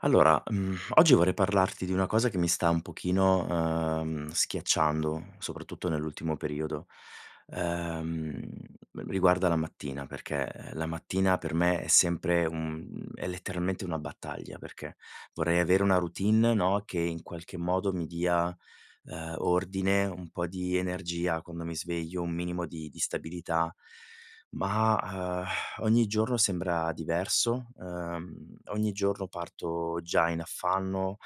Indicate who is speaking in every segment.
Speaker 1: Allora, mhmm, oggi vorrei parlarti di una cosa che mi sta un pochino, uhm, schiacciando, soprattutto nell'ultimo periodo, uhm, riguarda la mattina perché la mattina per me è sempre un è letteralmente una battaglia, perché vorrei avere una routine, no, che in qualche modo mi dia, uhm, ordine, un po' di energia quando mi sveglio, un minimo di di stabilità. Ma, uhm, ogni giorno sembra diverso, uhm, ogni giorno parto già in affanno,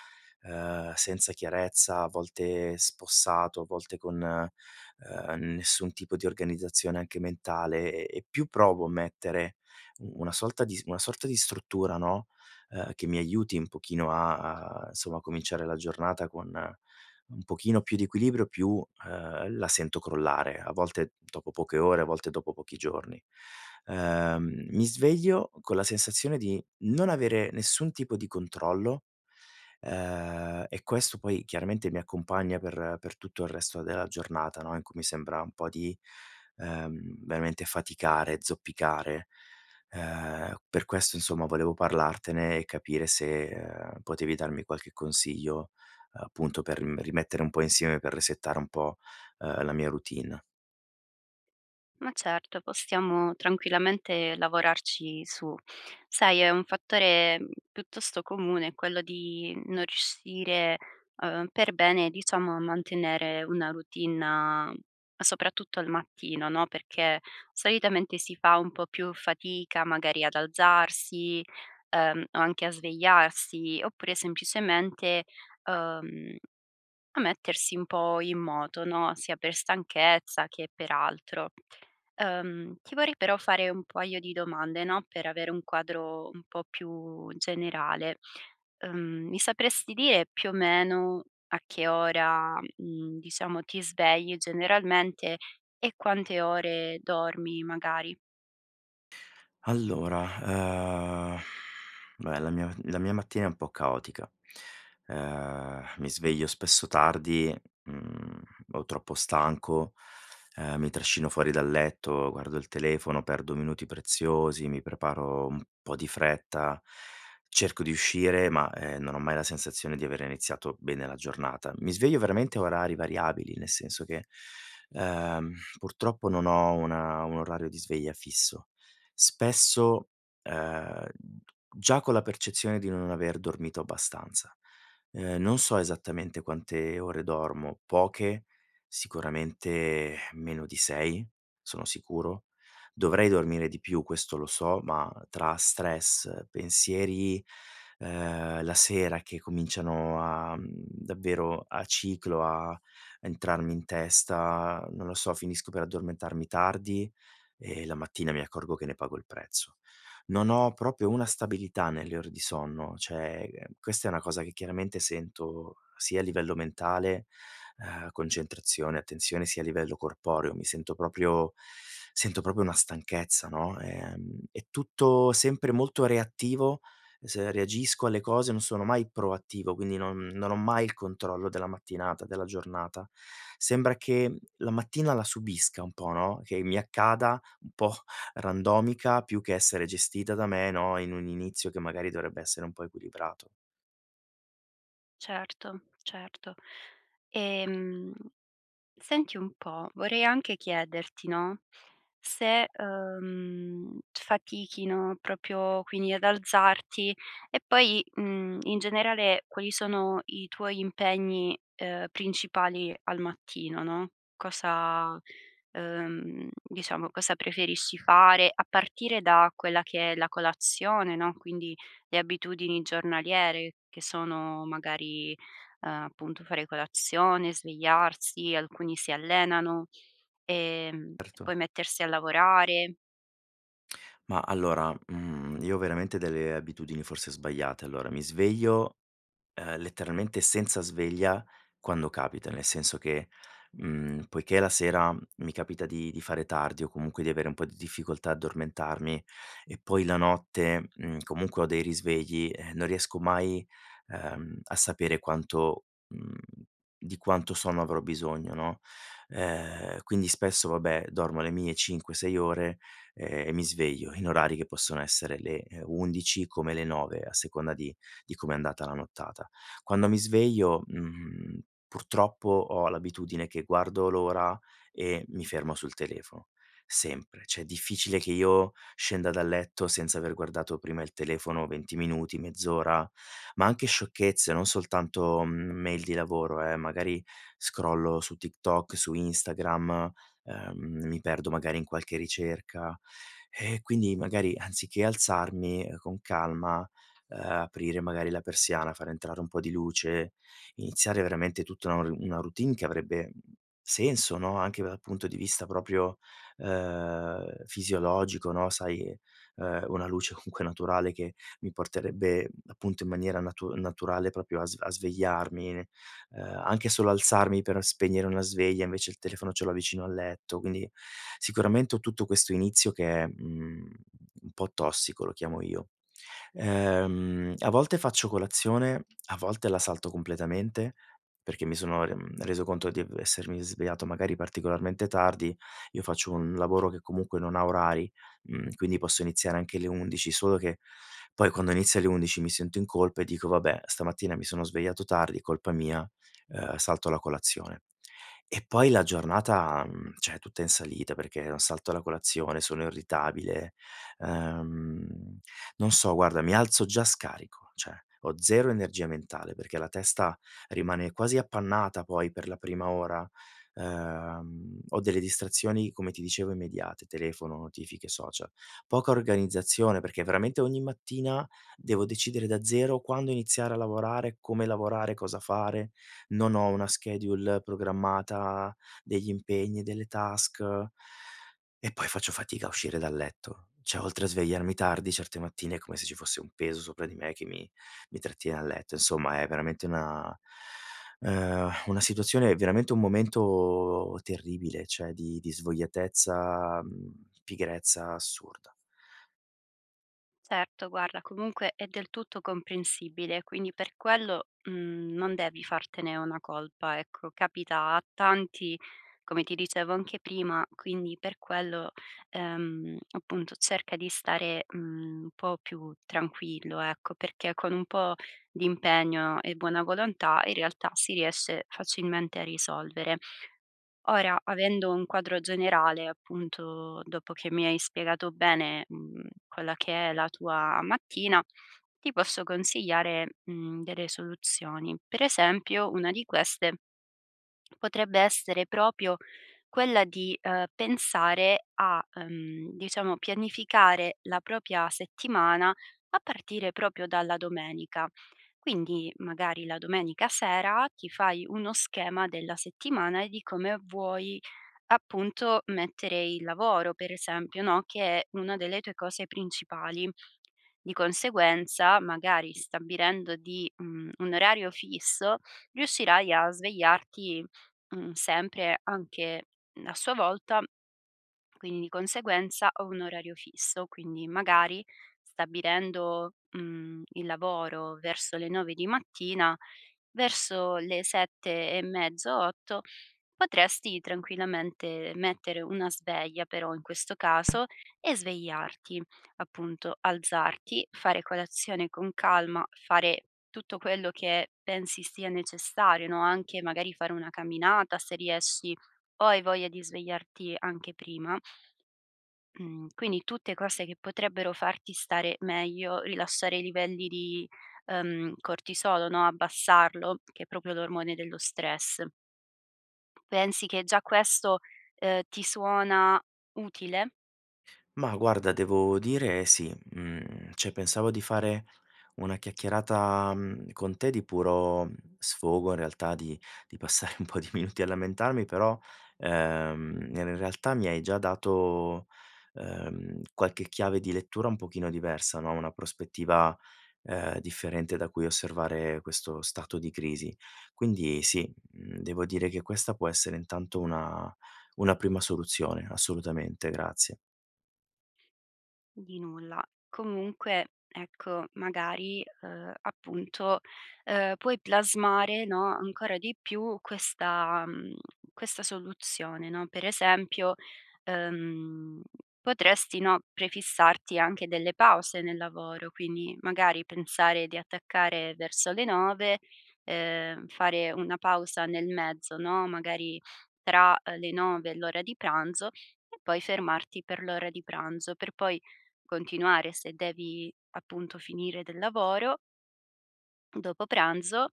Speaker 1: uhm, senza chiarezza, a volte spossato, a volte con, uhm, nessun tipo di organizzazione anche mentale e e più provo a mettere u una sorta di sorta di una sorta di struttura, no, uhm, che mi aiuti un pochino a a somma cominciare la giornata con un pochino più di equilibrio più, uhm, la sento crollare, a volte dopo poche ore, a volte dopo pochi giorni. Uhm, mi sveglio con la sensazione di non avere nessun tipo di controllo, uhm, e questo poi chiaramente mi accompagna per per tutto il resto della giornata, no, in cui mi sembra un po' di, uhm, veramente faticare, zoppicare, uhm, per questo insomma volevo parlartene e capire se, uhm, potevi darmi qualche consiglio, uhm, appunto per ri rimettere un po' insieme per resettare un po', uhm, la mia routine.
Speaker 2: Ma certo, possiamo tranquillamente lavorarci su. Sai, è un fattore piuttosto comune quello di non riuscire, uhm, per bene diciamo a mantenere una routine a soprattutto al mattino, no? Perché solitamente si fa un po' più fatica, magari ad alzarsi, uhm, o anche a svegliarsi, oppure semplicemente, uhm, a mettersi un po' in moto, no? Sia per stanchezza, che per altro. Uhm, ti vorrei però fare un paio di domande, no, per avere un quadro un po' più generale. Ehm, mi sapresti dire più o meno, a che ora, mhmm, diciamo, ti svegli generalmente e quante ore dormi, magari?
Speaker 1: Allora, uhm, beh, la mia m la mia mattina è un po' caotica: uhm, mi sveglio spesso tardi, mhmm, o troppo stanco, uhm, mi trascino fuori dal letto, guardo il telefono, perdo minuti preziosi, mi preparo un po' di fretta, cerco di uscire ma, uhm, non ho mai la sensazione di avere iniziato bene la giornata. Mi sveglio veramente a orari variabili, nel senso che, uhm, purtroppo non ho una un orario di sveglia fisso. Spesso, uhm, già con la percezione di non aver dormito abbastanza. Uhm, non so esattamente quante ore dormo, poche, sicuramente meno di 6, sono sicuro. Dovrei dormire di più, questo lo so, ma tra stress, pensieri, uhm, la sera che cominciano a mhmm, davvero a ciclo, a entrarmi in testa, non lo so, finisco per addormentarmi tardi e la mattina mi accorgo che ne pago il prezzo. Non ho proprio una stabilità nelle ore di sonno, cioè, questa è una cosa che chiaramente sento sia a livello mentale, uhm, concentrazione, attenzione sia a livello corporeo. Mi sento proprio, sento proprio una stanchezza, no? Ehm, è tutto sempre molto reattivo s reagisco alle cose, non sono mai proattivo, quindi non non ho mai il controllo della mattinata, della giornata. Sembra che, mhmm, la mattina la subisca un po', no? Che mi accada un po' randomica più che essere gestita da me, no, in un inizio che magari dovrebbe essere un po' equilibrato.
Speaker 2: Certo, certo. Ehm, senti un po', vorrei anche chiederti, no, se, uhm, fatichi, no, proprio quindi ad alzarti, e poi, mhmm, in generale quali sono i tuoi impegni, uhm, principali al mattino, no? Cosa uhm, diciamo, cosa preferisci fare a partire da quella che è la colazione, no, quindi le abitudini giornaliere che sono magari, uhm, appunto fare colazione, svegliarsi, alcuni si allenano, ehm, e
Speaker 1: Erto.
Speaker 2: poi mettersi a lavorare.
Speaker 1: Ma, allora, mhmm, io ho veramente delle abitudini forse sbagliate. Allora, mi sveglio, ehm, letteralmente senza sveglia, quando capita. Nel senso che, mhmm, poiché la sera mi capita di di fare tardi o comunque di avere un po' di difficoltà addormentarmi e poi la notte, mhmm, comunque ho dei risvegli, ehm, non riesco mai, uhm, a sapere quanto, mhmm, di quanto sonno avrò bisogno, no? Uhm, quindi spesso, vabbè, dormo le mie 5-6 ore, ehm, e mi sveglio in orari che possono essere le 11:00 come le 9:00, a seconda di di come è andata la nottata. Quando mi sveglio, mhmm, purtroppo, ho l'abitudine che guardo l'ora e mi fermo sul telefono, sempre. Cioè, è difficile che io scenda dal letto senza aver guardato prima il telefono 20 minuti, mezz'ora, ma anche sciocchezze, non soltanto mail di lavoro, eh. Magari scrollo su TikTok, su Instagram, uhm, mi perdo magari in qualche ricerca e quindi magari anziché alzarmi, ehm, con calma, uhm, aprire, magari la persiana, far entrare un po' di luce, iniziare veramente tutta un una routine che avrebbe senso, no, anche dal punto di vista proprio, uhm, fisiologico, no? Sai, uhm, una luce comunque naturale che mi porterebbe, appunto in maniera natu naturale, proprio a sve a svegliarmi. Uhm, anche solo alzarmi per spegnere una sveglia invece il telefono ce l'ho vicino al letto. Quindi, sicuramente ho tutto questo inizio che è, mhmm, un po' tossico, lo chiamo io. Ehm, a volte faccio colazione, a volte la salto completamente, perché mi sono, mhmm, reso conto di essermi svegliato magari particolarmente tardi. Io faccio un lavoro che comunque non ha orari, mhmm, quindi posso iniziare anche le 11:00, solo che poi quando inizio alle 11:00, mi sento in colpa e dico: "Vabbè, stamattina mi sono svegliato tardi, colpa mia, uhm, salto la colazione". E poi la giornata, mhmm, cioè, è tutta in salita perché salto la colazione, sono irritabile, uhm, non so guarda, mi alzo già scarico. Cioè, ho 0 energia mentale perché la testa rimane quasi appannata poi per la prima ora, uhm, ho delle distrazioni come ti dicevo immediate: telefono, notifiche, social. Poca organizzazione, perché veramente ogni mattina devo decidere da zero quando iniziare a lavorare, come lavorare, cosa fare. Non ho una schedule programmata degli impegni, delle task e poi faccio fatica a uscire dal letto. Cioè, oltre a svegliarmi tardi, certe mattine è come se ci fosse un peso sopra di me che mi mi trattiene a letto, insomma, è veramente una uhm, una situazione veramente un momento terribile, cioè, di di svogliatezza, mhmm, pigrezza assurda.
Speaker 2: Certo, guarda, comunque è del tutto comprensibile. Quindi per quello, mhmm, non devi fartene una colpa, ecco, capita a tanti, come ti dicevo anche prima, quindi per quello, ehm, appunto cerca di stare, mhmm, un po' più tranquillo, ecco, perché con un po' di impegno e buona volontà, in realtà si riesce facilmente a risolvere. Ora, avendo un quadro generale, appunto, dopo che mi hai spiegato bene, mhmm, quella che è la tua mattina, ti posso consigliare, mhmm, delle soluzioni. Per esempio, una di queste potrebbe essere proprio quella di, uhm, pensare a, uhm, diciamo, pianificare la propria settimana a partire proprio dalla domenica. Quindi, magari la domenica sera ti fai uno schema della settimana e di come vuoi appunto mettere il lavoro, per esempio, no, che è una delle tue cose principali. Di conseguenza, magari stabilendo di mhmm, un orario fisso, riuscirai a svegliarti, mhmm, sempre, anche a sua volta. Quindi, di conseguenza, ho un orario fisso, quindi magari stabilendo, mhmm, il lavoro verso le 9:00 di mattina, verso le 7 e mezzo, 8, potresti tranquillamente mettere una sveglia però in questo caso, e svegliarti, appunto alzarti, fare colazione con calma, fare tutto quello che pensi sia necessario, no? Anche magari fare una camminata, se riesci o hai voglia di svegliarti anche prima. Mhmm, quindi tutte cose che potrebbero farti stare meglio, rilasciare i livelli di, uhm cortisolo, no, abbassarlo che è proprio l'ormone dello stress. Pensi che già questo, uhm, ti suona utile?
Speaker 1: Ma guarda, devo dire sì. Mhmm, cioè, pensavo di fare una chiacchierata, mhmm, con te di puro sfogo, in realtà. Di di passare un po' di minuti a lamentarmi però, uhm, in realtà mi hai già dato, uhm, qualche chiave di lettura un pochino diversa, no, una prospettiva, uhm, differente da cui osservare questo stato di crisi. Quindi sì, mhmm, devo dire che questa può essere intanto una una prima soluzione. Assolutamente, grazie.
Speaker 2: Di nulla. Comunque, ecco magari, uhm, appunto, uhm, puoi plasmare, no, ancora di più questa, mhmm, questa soluzione, no? Per esempio, uhm, potresti, no, prefissarti anche delle pause nel lavoro, quindi magari pensare di attaccare verso le 9:00, uhm, fare una pausa nel mezzo, no? Magari tra le 9:00 e l'ora di pranzo, e poi fermarti per l'ora di pranzo, per poi continuare, se devi appunto finire del lavoro dopo pranzo,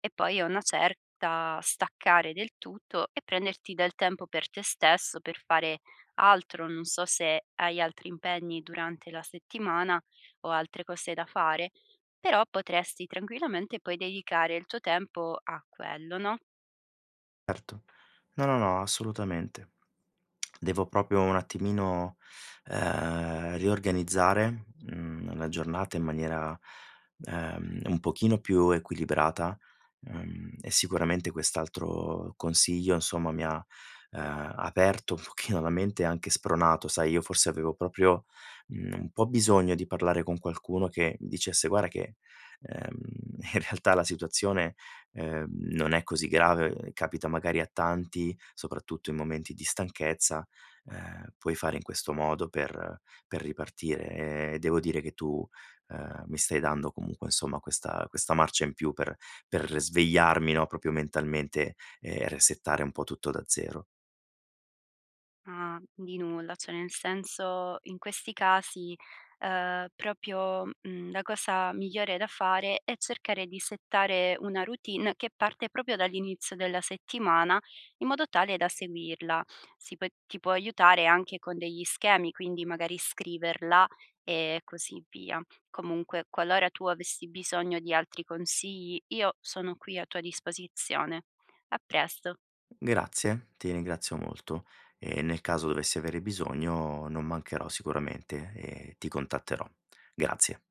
Speaker 2: e poi a una certa staccare del tutto e prenderti del tempo per te stesso, per fare altro, non so se hai altri impegni durante la settimana o altre cose da fare, però potresti tranquillamente poi dedicare il tuo tempo a quello, no?
Speaker 1: Erto. No, no, no, assolutamente. Devo proprio un attimino, uhm, riorganizzare, mhmm, la giornata in maniera, uhm, un pochino più equilibrata, uhm, e sicuramente quest'altro consiglio insomma mi ha, uhm, aperto un pochino la mente, anche spronato, sai? Io forse avevo proprio, mhmm, un po' bisogno di parlare con qualcuno che dicesse: "Guarda che, uhm, in realtà la situazione, ehm, non è così grave, capita magari a tanti soprattutto in momenti di stanchezza, uhm, puoi fare in questo modo per per ripartire". E devo dire che tu, uhm, mi stai dando comunque insomma questa questa marcia in più per per svegliarmi, no, proprio mentalmente e resettare un po' tutto da 0.
Speaker 2: Ah, di nulla. Cioè, nel senso, in questi casi, uhm, proprio, mhmm, la cosa migliore da fare è cercare di settare una routine che parte proprio dall'inizio della settimana, in modo tale da seguirla. Si può ti può aiutare anche con degli schemi, quindi magari scriverla e così via. Comunque, qualora tu avessi bisogno di altri consigli, io sono qui a tua disposizione. A presto!
Speaker 1: Grazie, ti ringrazio molto, e nel caso dovessi avere bisogno, non mancherò sicuramente e ti contatterò. Grazie.